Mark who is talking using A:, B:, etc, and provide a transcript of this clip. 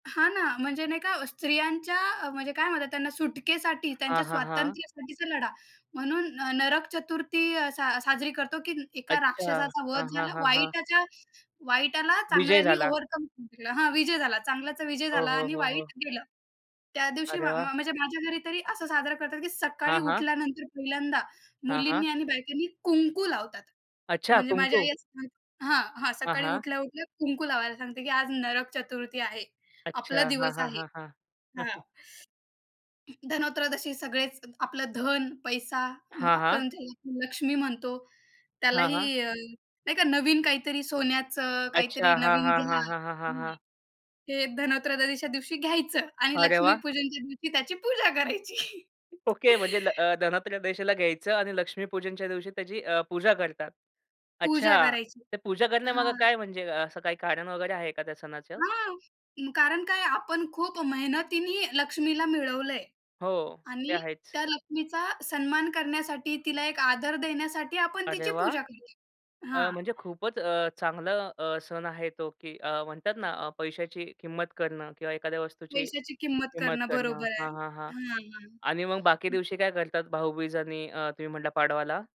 A: हां ना. म्हणजे नाही का अ, स्त्रियांच्या अ, म्हणजे काय म्हणतात त्यांना सुटकेसाठी,
B: हां,
A: त्यांच्या
B: हां, हां.
A: स्वातंत्र्यासाठीचा लढा, म्हणून न नरक चतुर्थी सा साजरी करतो, की एका
B: अच्छा.
A: राक्षसाचा वध
B: हां, हां,
A: झाला.
B: हां, हां.
A: वाईटाच्या वाईटाला
B: विजय
A: चांगल्यानी
B: झाला.
A: ओव्हरकम जिंकला हां, विजय झाला, चांगल्याचा विजय
B: हो,
A: झाला
B: हो,
A: आणि
B: हो, हो.
A: वाईट गेलं. त्या दिवशी म
B: अरे
A: म
B: वाह!
A: म्हणजे माझ्या घरी तरी असं साजरा करतात, की सकाळी
B: हां, हां.
A: उठल्यानंतर पहिल्यांदा,
B: हां, हां.
A: मुलींनी आणि बायकांनी कुंकू लावतात.
B: अच्छा!
A: म्हणजे माझी आई
B: कुंकू.
A: असे म्हण हां, हां.
B: हां,
A: सकाळी
B: हां.
A: उठल्या-उठल्या कुंकू लावायला सांगते, की "आज नरक चतुर्थी आहे.
B: अच्छा.
A: आपला
B: हां,
A: दिवस
B: हां,
A: आहे."
B: हां, हां.
A: हां. धनत्रयोदशी सगळेच आपलं धन, पैसा अं,
B: हां, हां.
A: आपण ज्याला लक्ष्मी मानतो,
B: हां, हां.
A: त्यालाही अ, नाही का? नवीन काहीतरी सोन्याचं, काहीतरी
B: अच्छा. हां,
A: नवीन
B: हां,
A: घ्या
B: हां, हां, हां, हां,
A: घ्या.
B: हां.
A: हे धनत्रयोदशीच्या दिवशी घ्यायचं आणि
B: अरे वाह!
A: लक्ष्मीपूजनच्या दिवशी त्याची पूजा करायची.
B: ओके. म्हणजे ल अ, धनत्रयोदशी घ्यायचं आणि लक्ष्मीपूजनच्या दिवशी त्याची अ, पूजा करतात.
A: पूजा
B: अच्छा!
A: करायची.
B: ते पूजा करण्यामागे
A: हां.
B: काय म्हणजे? अ, असं काही कारण वगैरे आहे का त्या सणाचं?
A: हां. मग कारण काय आपण खूप मेहनतीने लक्ष्मीला मिळवलंय.
B: हो. ते
A: आणि
B: आहेच.
A: त्या लक्ष्मीचा सन्मान करण्यासाठी, तिला एक आदर देण्यासाठी आपण
B: अरे
A: तिची
B: वाह!
A: पूजा करतोय.
B: अ,
A: हां.
B: म्हणजे खूपच अ, चांगला अ, सण आहे तो, की अ, म्हणतात ना अ, पैशाची किंमत करणं किंवा एखाद्या वस्तूची
A: पैशाची किंमत
B: किंमत
A: करणं
B: करणं
A: बरोबर
B: हां,
A: आहे.
B: हां, हां.
A: हां,
B: आणि मग बाकी
A: हं.
B: दिवशी काय करतात? भाऊबीज आणि अ, तुम्ही म्हटलं पाडवाला?